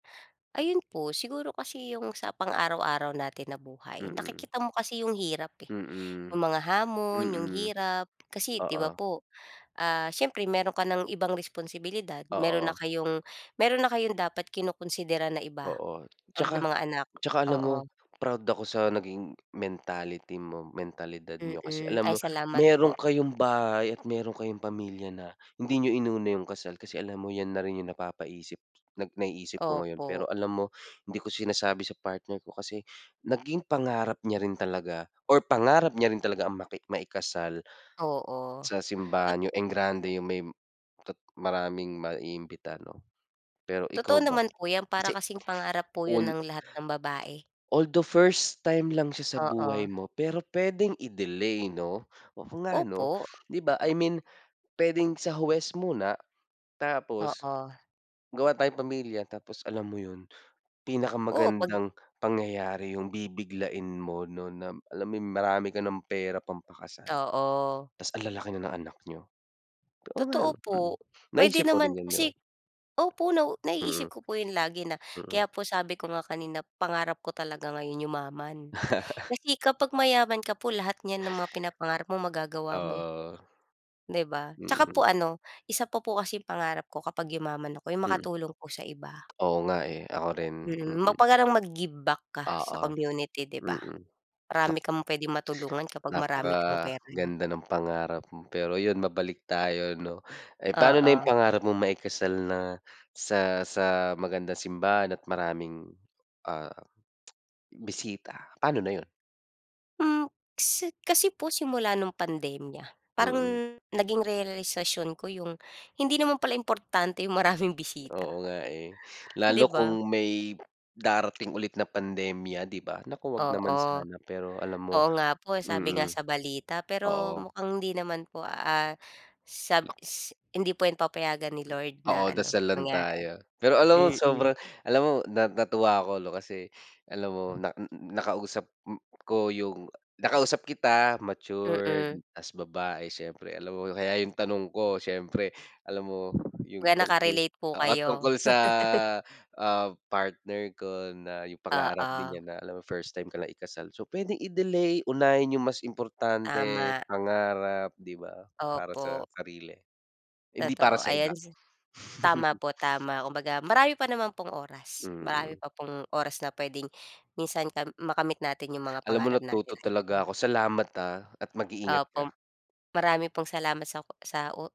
Ayun po. Siguro kasi 'yong sa pang-araw-araw natin na buhay, Mm. nakikita mo kasi 'yong hirap, eh, Mm. 'yong mga hamon, 'yong Mm. hirap. Kasi, 'di ba, Oo. po, ah, siyempre meron ka ng ibang responsibilidad, meron na Oo. kayong meron na kayong dapat kinokonsidera na iba, Oo. tulad 'Tsaka ng mga anak. tsaka alam mo, Oo. proud ako sa naging, mentality mo, mentalidad niyo. Kasi Mm. alam Ay mo, salamat po. meron kayong bahay at meron kayong pamilya na, hindi niyo inuna 'yong kasal. Kasi alam mo, 'yan na rin 'yong napapaisip nag naiisip ko ngayon. Pero Opo. alam mo, hindi ko sinasabi sa partner ko kasi, naging pangarap niya rin talaga or pangarap niya rin talaga ang maki maikasal, Oo. sa Tot simbahan, 'yong engrande, 'yong may tot maraming maiimbita, 'no. Pero, ikaw Totoo ba, naman po 'yan. Para kasi kasing pangarap po 'yon un ng lahat ng babae. Although first time lang siya sa Oo. buhay mo, pero puwedeng i-delay, 'no. Oo nga, 'no. Opo. 'Di ba, I mean, puwedeng sa huwes muna, tapos, Oo. gawa tayong pamilya. Tapos, alam mo 'yon, Oo, pag pinakamagandang pangyayari 'yong bibiglain mo, 'no, nam alam mo 'yong, marami ka ng pera pampakasal. Oo. 'Tas ang lalaki na ng anak niyo. Oo nga, Totoo 'no, mm. po. Puwede Naisip mo rin naman 'yon, 'di ba? kasi opo, nau naiisip Mm. ko po 'yon lagi na Mm. Kaya po sabi ko nga kanina pangarap ko talaga ngayon yumaman. Kasi kapag mayaman ka po lahat niyan na mga pinapangarap mo magagawa mo, eh. Oo. 'Di ba? 'Tsaka Mm. po ano, isa pa po kasi 'yong pangarap ko kapag yumaman ako, 'yong Mm. makatulong po sa iba. Oo nga, eh. Ako rin. Mm. ma Mm. parang mag-give back ka sa Oo. community, 'di ba. Mm. Marami Naku kang puwedeng matulungan kapag marami kang pera, 'yo Napakaganda ng pangarap mo. Pero 'yon, mabalik tayo, 'no. Eh, paano na 'yong Oo. pangarap mong maikasal na sa sa magandang simbahan at maraming, ah, bisita, paano na 'yon? Hmm, si kasi kasi po simula no'ng pandemya, parang, Mm. naging realisasyon ko 'yong, hindi naman pala importante 'yong maraming Oo bisita. nga, eh. Lalo 'Di kung ba? may, darating ulit na pandemya, 'di ba. Naku, wag Oo. naman sana. Pero, alam mo Oo nga po, eh. Sabi nga mm. sa balita pero Oo. mukhang hindi naman po, Oo. ah, sab Nak s hindi po 'yan papayagan ni Lord, na Oo, ano, dasal lang mangyari tayo. ulit. Pero alam mo, Mm. sobrang, alam mo, na natuwa ako, 'no. Kasi, alam mo, na n n nakausap m ko 'yong nakausap kita, matured Mm. tas babae. Siyempre, alam mo, kaya 'yong tanong ko siyempre, alam mo 'yong Kaya tungkol nakarelate po oo. Tungkol kayo. sa, ah, partner ko na 'yong pangarap din Oo. niya na alam mo first time ka lang ikasal. So, puwedeng i-delay, unahin 'yong mas importante, Tama. pangarap, 'di ba. Para sa Opo. sarili, hindi para Totoo. sa Ayan iba. sa tama po, tama. Kumbaga, marami pa naman pong oras. Marami Mm. pa pong oras na puwedeng, minsan kam makamit natin 'yong mga Alam mo, pangarap natin natuto na talaga iba-iba. ako. Salamat, ah, at mag-iingat Opo. M ka. marami pong salamat sa ku sa u